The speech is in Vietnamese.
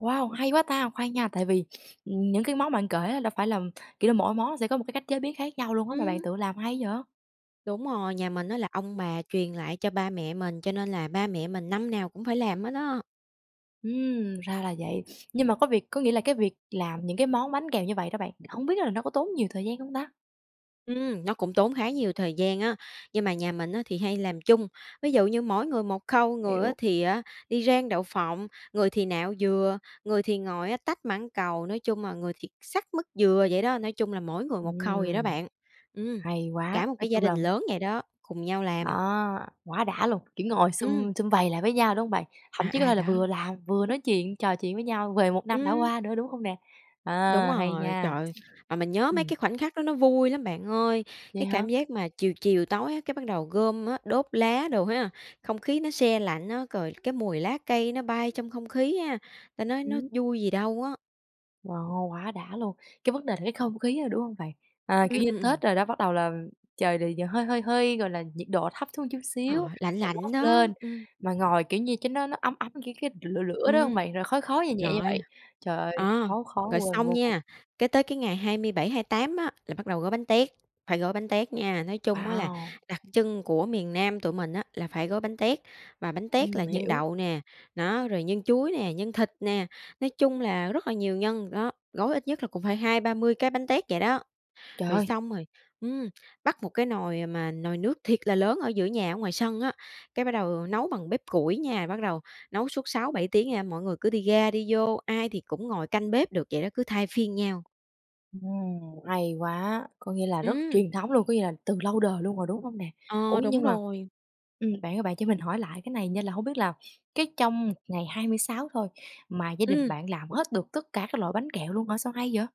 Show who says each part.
Speaker 1: Wow, hay quá ta, khoan nha, tại vì, ừm, những cái món mà bạn kể á, đâu phải là, kiểu là, mỗi món sẽ có một cái cách chế biến khác nhau luôn á, mà bạn
Speaker 2: Ừm.
Speaker 1: tự làm hay vậy?
Speaker 2: Đúng rồi, nhà mình á, là ông bà truyền lại cho ba mẹ mình, cho nên là ba mẹ mình năm nào cũng phải làm hết á.
Speaker 1: Ừm, ra là vậy, nhưng mà có việc có nghĩa là cái việc làm những cái món bánh kẹo như vậy đó bạn, hổng biết là nó có tốn nhiều thời gian không ta?
Speaker 2: Ừm, nó cũng tốn khá nhiều thời gian á, nhưng mà nhà mình á, thì hay làm chung, ví dụ như mỗi người một khâu, người á,
Speaker 1: Hiểu.
Speaker 2: thì á, đi rang đậu phộng, người thì nạo dừa, người thì ngồi, á, tách mãng cầu, nói chung là người thì xắt mứt dừa vậy đó, nói chung là mỗi người một khâu vậy đó
Speaker 1: Ừm.
Speaker 2: bạn. Ừm,
Speaker 1: Hay quá,
Speaker 2: cả một
Speaker 1: nói
Speaker 2: cái gia
Speaker 1: chung
Speaker 2: đình
Speaker 1: là
Speaker 2: lớn vậy đó, cùng nhau làm.
Speaker 1: Đó, quá đã luôn, kiểu, ngồi
Speaker 2: Ừm.
Speaker 1: sum sum vầy lại với nhau, đúng hông bạn? Thậm
Speaker 2: À,
Speaker 1: chí có thể
Speaker 2: à,
Speaker 1: là vừa
Speaker 2: đó.
Speaker 1: làm vừa nói chuyện, trò chuyện với nhau về một năm đã
Speaker 2: Ừm.
Speaker 1: qua nữa, đúng không nè? Ờ,
Speaker 2: Đúng
Speaker 1: hay
Speaker 2: rồi, trời
Speaker 1: nha,
Speaker 2: ơi, mà mình nhớ mấy
Speaker 1: ừm.
Speaker 2: cái khoảnh khắc đó nó vui lắm bạn ơi.
Speaker 1: Vậy
Speaker 2: Cái
Speaker 1: hả?
Speaker 2: cảm giác mà chiều chiều tối á, cái bắt đầu gom á, đốt lá đồ ha, không khí nó se lạnh á, rồi cái mùi lá cây nó bay trong không khí ha, ta nói nó
Speaker 1: Ừm.
Speaker 2: vui gì đâu á.
Speaker 1: Wow, quá đã luôn. Cái vấn đề là cái không khí, đúng hông bạn? À, kiểu
Speaker 2: Ừm,
Speaker 1: như,
Speaker 2: ừm, ừm.
Speaker 1: Tết đồ đó bắt đầu là trời, ờ, hơi, hơi, hơi, gọi là, nhiệt độ thấp xuống một chút
Speaker 2: Ờ,
Speaker 1: xíu
Speaker 2: lạnh lạnh
Speaker 1: [unintelligible]
Speaker 2: đó,
Speaker 1: lên,
Speaker 2: ừm.
Speaker 1: mà ngồi, kiểu như, cái đó nó ấm ấm, kiểu, cái lửa lửa đó hông
Speaker 2: Ừm,
Speaker 1: bạn, rồi khói khói nhè nhẹ như
Speaker 2: rồi,
Speaker 1: vậy. Trời ơi,
Speaker 2: ờ,
Speaker 1: khó khó
Speaker 2: rồi
Speaker 1: quên
Speaker 2: xong
Speaker 1: vô cùng.
Speaker 2: nha, cái tới cái ngày 27-28 á, là bắt đầu gói bánh tét, phải gói bánh tét nha. Nói chung á là
Speaker 1: Wow!
Speaker 2: đặc trưng của miền Nam tụi mình á, là phải gói bánh tét, và bánh tét là
Speaker 1: Ừm,
Speaker 2: nhân
Speaker 1: hiểu.
Speaker 2: đậu nè, đó, rồi nhân chuối nè, nhân thịt nè, nói chung là rất là nhiều nhân, đó, gói ít nhất là cũng phải 20-30 cái bánh tét vậy đó.
Speaker 1: Trời
Speaker 2: Rồi
Speaker 1: ơi!
Speaker 2: xong rồi, ừm, bắt một cái nồi mà nồi nước thiệt là lớn ở giữa nhà ở ngoài sân á, cái bắt đầu nấu bằng bếp củi nha, bắt đầu nấu suốt 6-7 tiếng nha, mọi người cứ đi ra đi vô, ai thì cũng ngồi canh bếp được, vậy đó, cứ thay phiên nhau.
Speaker 1: Ừm, hay quá, có nghĩa là rất
Speaker 2: Ừm.
Speaker 1: truyền thống luôn, có nghĩa là từ lâu đời luôn rồi, đúng không nè? Ủa,
Speaker 2: Ờ, đúng
Speaker 1: nhưng mà,
Speaker 2: rồi.
Speaker 1: ừm, bạn ơi, bạn cho mình hỏi lại cái này nha, là không biết là cái trong một ngày 26 thôi mà gia đình
Speaker 2: Ừm.
Speaker 1: bạn làm hết được tất cả các loại bánh kẹo luôn hả, sao hay vậy?